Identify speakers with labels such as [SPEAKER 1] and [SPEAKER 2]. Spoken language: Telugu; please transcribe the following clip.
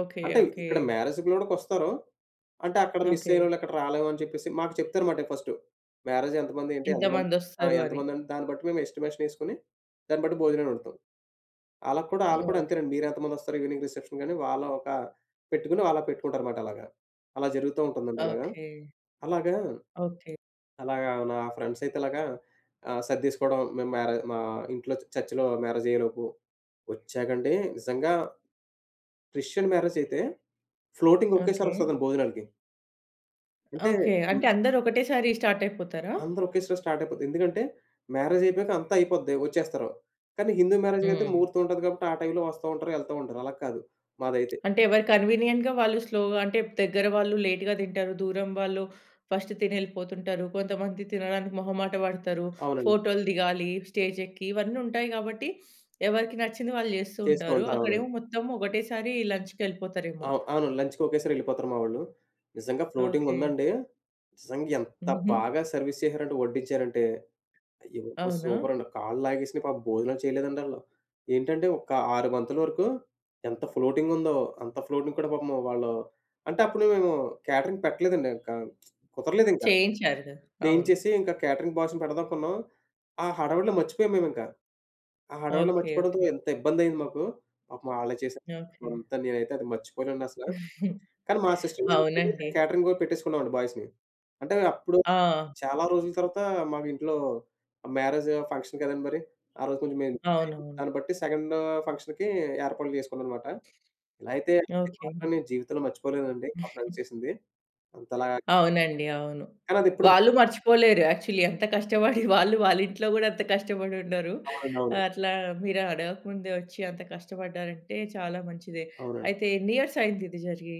[SPEAKER 1] ఓకే.
[SPEAKER 2] అంటే
[SPEAKER 1] ఓకే.
[SPEAKER 2] ఇక్కడ మ్యారేజ్ గూడా కొస్తారు. అంటే అక్కడ
[SPEAKER 1] ఓకే.
[SPEAKER 2] మిసయినోళ్ళు అక్కడ రాలేమని చెప్పేసి మాకు చెప్తారు మాట ఫస్టు. మ్యారేజ్ ఎంతమంది ఏంటి ఎంతమంది ఆ!
[SPEAKER 1] ఎంతమందొస్తారు
[SPEAKER 2] ఎంత
[SPEAKER 1] అని.
[SPEAKER 2] మంది దాన్ని బట్టి మేమెస్టిమేషన్ ఏసుకొని దాన్ని బట్టి భోజనాలు వండుతాం. ఆళ్ళకి కూడా అళ్ళు కూడా
[SPEAKER 1] ఓకే.
[SPEAKER 2] అంతేనండి. మీరెంత మందొస్తారు ఈవినింగ్ రిసెప్షన్ కని వాళ్ళు ఒక పెట్టుకొని ఆళ్ళు పెట్టుకుంటారు మాట అలాగా. అలా జరుగుతూ ఉంటుందండి అలాగ.
[SPEAKER 1] ఓకే.
[SPEAKER 2] అలాగా,
[SPEAKER 1] ఓకే.
[SPEAKER 2] అలాగా నా ఫ్రెండ్సయితే అలాగా ఆహ్, సర్డేసుకోవడం మేము మ్యారే మా ఇంట్లో చర్చ్‌లో మ్యారేజ్ అయ్యేలోపు వచ్చాకండీ నిజంగా క్రిస్టియన్ మ్యారేజయితే ఫ్లోటింగ్ ఒకేసారి
[SPEAKER 1] ఓకే.
[SPEAKER 2] వస్తదండీ భోజనాలకి. అంటే
[SPEAKER 1] ఓకే.
[SPEAKER 2] హ్మ్.
[SPEAKER 1] అంటే అందరూ ఒకటే సారి స్టార్టయిపోతారా?
[SPEAKER 2] అందరూ ఒకేసారి స్టార్ట్ అయిపోద్ది. ఎందుకంటే మ్యారేజయిపోయాక అంతా అయిపోద్ది వచ్చేస్తారు. కాని హిందూ మ్యారేజ్‌కైతే
[SPEAKER 1] హ్మ్.
[SPEAKER 2] ముహూర్తం ఉంటది. కాబట్టి ఆ టైం‌లో వస్తా ఉంటారు యెళ్తా ఉంటారు. అలా కాదు మాదైతే.
[SPEAKER 1] అంటే ఎవరి కన్వీనియంట్‌గా వాళ్ళు స్లోగా అంటే దగ్గర వాళ్ళు లేట్‌గా తింటారు, దూరం వాళ్ళు ఫస్ట్ తినెళ్ళిపోతుంటారు, కొంతమంది తినడానికి మొహమాట పడతారు,
[SPEAKER 2] అవునండి.
[SPEAKER 1] ఫోటోలు దిగాలి స్టేజెక్కి ఇవన్నుంటాయి గాబట్టి ఎవరికి నచ్చింది వాళ్ళు జేస్తూ
[SPEAKER 2] చేస్తూ
[SPEAKER 1] ఉంటారు.
[SPEAKER 2] ఉంటారు. అవునండి.
[SPEAKER 1] అక్కడేమో మొత్తం ఒకటేసారి లంచ్‌‌కెళ్ళిపోతారేమో.
[SPEAKER 2] ఆవ్ అవునండి. లంచ్‌‌‌కొకేసారి ఎళ్ళిపోతారు మావొళ్ళు. నిజంగా
[SPEAKER 1] ఓకే.
[SPEAKER 2] ఫ్లోటింగుందండీ నిజంగా ఎంత
[SPEAKER 1] హుహు.
[SPEAKER 2] బాగా సర్వీస్ చేసారంటే వడ్డించారంటే అయ్యిబాబోయి!
[SPEAKER 1] అవునా?
[SPEAKER 2] సూపరండి. కాళ్ళాగేసినా పాపం భోజనాలు చేయలేదండి ఆళ్ళు. ఏంటంటే ఒక 6 బంతుల వరకు ఎంత ఫ్లోటింగ్ ఉందో. అంత ఫ్లోటింగ్ కూడా పాపం వాళ్ళు అంటే అప్పుడు మేము క్యాటరింగ్ పెట్టలేదండి ఇంకా కుదరలేదింకా.
[SPEAKER 1] చేయించారు గదా! అవును.
[SPEAKER 2] చేయించేసి ఇంకా క్యాటరింగ్ బాయ్స్‌ని పెడదామనుకున్నాం. ఆ హడావిడిలో మర్చిపోయాం మేమింక ఆ హడావిడిలో
[SPEAKER 1] ఓకే.
[SPEAKER 2] మర్చిపోవడంతో
[SPEAKER 1] ఓకే.
[SPEAKER 2] ఎంత ఇబ్బందైయింది మాకు. పాపం ఆళ్ళే చేసా
[SPEAKER 1] ఓకే.
[SPEAKER 2] అంతా నేనైతే అది మర్చిపోలేనండసల. కాని మా సిస్టర్ మ్యారేజ్‌కైతే
[SPEAKER 1] అవునండి.
[SPEAKER 2] క్యాటరింగు పెట్టేసుకున్నామండి బాయ్స్‌‌ని అంటే అప్పుడు
[SPEAKER 1] ఆ!
[SPEAKER 2] చాలా రోజుల తర్వాత మాకు ఇంట్లో మ్యారేజు ఫంక్షన్ కదండి! మరి. ఆ రోజు కొంచెం మేం [unintelligible]
[SPEAKER 1] అవునవును.
[SPEAKER 2] దాన్ని బట్టి సెకండు ఫంక్షన్‌‌కి ఏర్పాట్లు చేసుకున్నాంమాట. ఇలా అయితే అది
[SPEAKER 1] ఓకే.
[SPEAKER 2] మాత్రం
[SPEAKER 1] అండి.
[SPEAKER 2] నేను జీవితంలో మర్చిపోలేనండి మా ఫ్రెండ్స్ చేసింది. అంతలా
[SPEAKER 1] అవునండి. అవును.
[SPEAKER 2] కాని అదిప్పుడు
[SPEAKER 1] వాళ్ళు మర్చిపోలేరు యాక్చువల్లీ ఎంత కష్టపడి వాళ్ళు వాళ్ళ ఇంట్లో గూడా అంత కష్టపడి ఉండరు.
[SPEAKER 2] అవునండి.
[SPEAKER 1] ఆ
[SPEAKER 2] అవును.
[SPEAKER 1] అట్లా మీరు అడగక ముందే వచ్చి అంత కష్టపడ్డారంటే చాలా మంచిదే.
[SPEAKER 2] అవునండి.
[SPEAKER 1] అయితే ఎన్ని ఇయర్స్ అయిందిది జరిగి?